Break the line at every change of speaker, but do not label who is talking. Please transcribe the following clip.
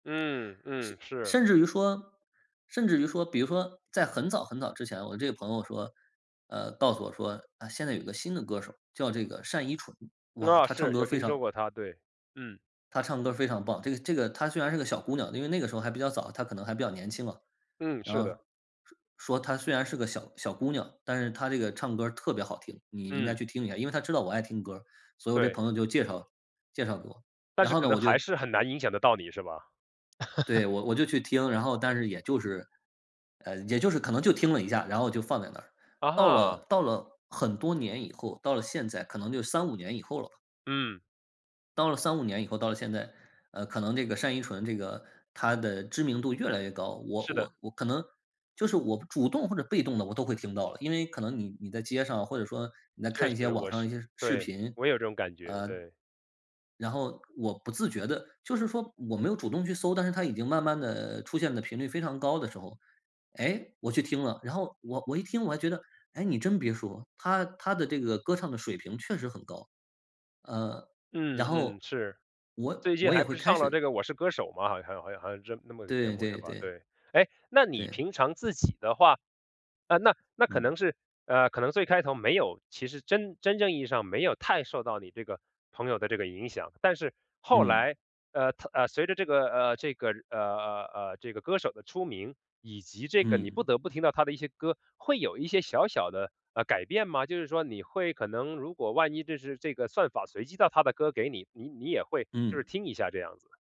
嗯嗯，是。
甚至于说甚至于说比如说，在很早，很早之前我这个朋友说，呃告诉我说：“啊，现在有个新的歌手，叫这个单依纯。哇！
啊，
她唱
是，
歌
有
非
听说
常”
过她，对，嗯。
“她唱歌非常棒。这个这个她虽然是个小姑娘”，因为那个时候还比较早，她可能还比较年轻嘛。
嗯，
然
是的。
后说：“她虽然是个小小姑娘，但是她这个唱歌儿特别好听，你应该
嗯。
去听一下”。因为她知道我爱听歌儿，所以我这
对。
朋友就介绍介绍给我。
但
然
是
后
可
呢，我
能
就
还是很难影响得到你，是吧？
对，我我就去听，然后但是也就是，嗯，也就是可能就听了一下，然后就放在那。
啊
到
哈。
了到了很多年以后，到了现在可能得有3-5年以后了吧。
嗯。
到了3-5年以后到了现在，呃，可能这个单依纯这个她的知名度越来越高，我
是的。
我我可能就是我主动或者被动地我都会听到了。因为可能你你在街上或者说，你在
确
看一些
实，
网
我
上
是
一些视
对，
频，
我也有这种感觉，
呃
对。
然后我不自觉地就是说我没有主动去搜，但是她已经慢慢地出现的频率非常高的时候，诶，我去听了，然后我我一听我还觉得诶，你真别说，她她的这个歌唱的水平确实很高。呃，
嗯
然后，
嗯，是。
我
最近
我也
还不
会
是
开
上了
始
这个《我是歌手》嘛，好像好像好像这那么个节
对
目是
对
吧，
对。
对。诶，那你
对。
平常自己的话呃，那那可
嗯。
能是，呃，可能最开头没有其实真真正意义上没有太受到你这个朋友的这个影响。但是后
嗯。
来，呃她呃，随着这个，呃，这个，呃呃呃，这个歌手的出名，以及这个你不
嗯。
得不听到她的一些歌，会有一些小小的，呃，改变吗？就是说你会可能如果万一就是这个算法随机到她的歌给你，你你也会就是
嗯。
听一下这样子。